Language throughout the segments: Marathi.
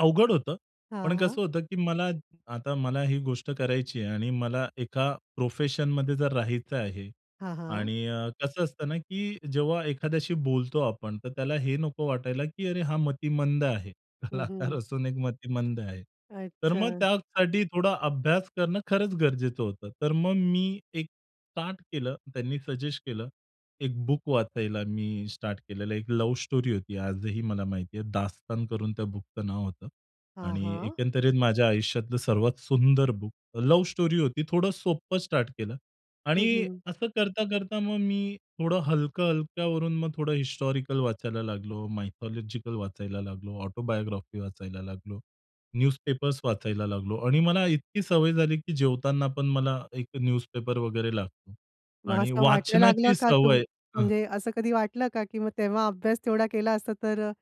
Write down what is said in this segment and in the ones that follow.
अवघड होतं हां, पण हां. कसं होतं की मला आता मला ही गोष्ट करायची आहे आणि मला एका प्रोफेशनमध्ये जर राहायचं आहे हां, हां. आणि अ, कसं असतं ना, की जेव्हा एखाद्याशी बोलतो आपण, तर त्याला हे नको वाटायला की अरे हा मतिमंद आहे. हं, कलाकार हं. असून एक मतिमंद आहे. तर मग अच्छा. त्यासाठी थोडा अभ्यास करणं खरंच गरजेचं होतं. तर मग मी एक स्टार्ट केलं. त्यांनी सजेस्ट केलं. एक बुक वाचायला मी स्टार्ट केलेलं एक लव्ह स्टोरी होती आजही मला माहिती आहे, 'दास्तान' करून त्या बुकचं नाव होतं. हां, आणि हां. एकंदरीत माझ्या आयुष्यातलं सर्वात सुंदर बुक लव्ह स्टोरी होती थोडं सोप्पं स्टार्ट केलं. आणि हं, हं. असं करता, करता मग मी थोडं हलकं-हलक्यावरून, मग थोडं हिस्टॉरिकल वाचायला लागलो, मायथॉलॉजिकल वाचायला लागलो, ऑटोबायोग्राफी वाचायला लागलो, न्यूजपेपर्स वाचायला लागलो आणि मला इतकी सवय झाली की जेवताना पण मला एक न्यूजपेपर वगैरे लागतो. मग आणि असं वाटायला लागलं वाचनाची का तुम सवय अ म्हणजे असं कधी वाटलं का की मग तेव्हा अभ्यास तेवढा केला असता, तर अ,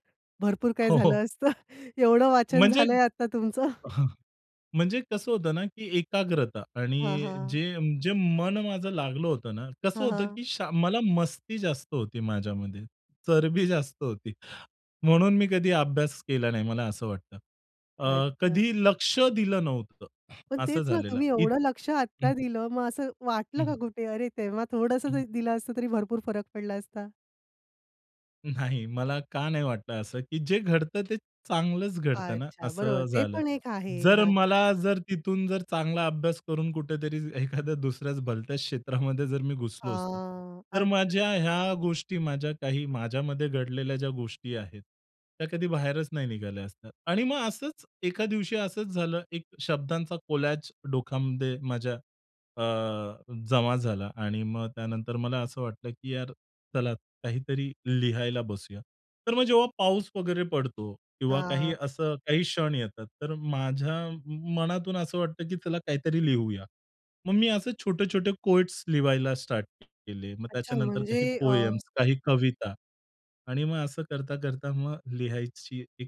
भरपूर काय हो, हो. झालं असतं, एवढं वाचन म्हणजे झालंय आता तुमचं. हं. म्हणजे कसं होतं ना की एकाग्रता हां, आणि हां. जे जे मन माझं लागलं होतं ना कसं हां, होतं हां. की शा मला मस्ती जास्त होती माझ्यामध्ये, चरबी जास्त होती. म्हणून मी कधीही अभ्यास केला नाही मला असं वाटतं. अ, अच्छा. कधी लक्ष दिलं नव्हतं पण असं तेच ना झालेलं तुम्ही इत एवढं लक्ष हं. आता दिलं मग असं हं, वाटलं हं. का कुठे? अरे तेव्हा थोडंसं हं. तरी दिलं असतं तरी भरपूर फरक पडला असता? नाही, मला का नाही वाटतं असं की जे घडतं ते चांगलंच घडत ना, अच्छा, बरोबर असं ते झालं. पण एक आहे जर हां. मला, जर तिथून जर चांगला अभ्यास करून कुठेतरी एखाद्या दुसऱ्याच भलत्या क्षेत्रामध्ये जर मी आ, घुसलो असतो. तर माझ्या अच्छा. ह्या गोष्टी माझ्या काही माझ्यामध्ये घडलेल्या ज्या गोष्टी आहेत, त्या कधी बाहेरच नाही निघाल्या असतात. आणि मग असंच, एका दिवशी असंच झालं एक शब्दांचा कोलाज डोकामध्ये माझ्या, अ जमा झाला आणि मग त्यानंतर मला असं वाटलं की यार चला काहीतरी लिहायला बसूया. तर मग जेव्हा पाऊस वगैरे पडतो किंवा काही आ. असं काही क्षण येतात, तर माझ्या मनातून असं वाटतं की चला काहीतरी लिहूया. मग मी असे छोटे-छोटे कोएट्स लिहायला स्टार्ट केले मग अच्छा, त्याच्यानंतर काही म्हणजे अ पोएम्स काही कविता आणि मग असं करता-करता मग लिहायची एक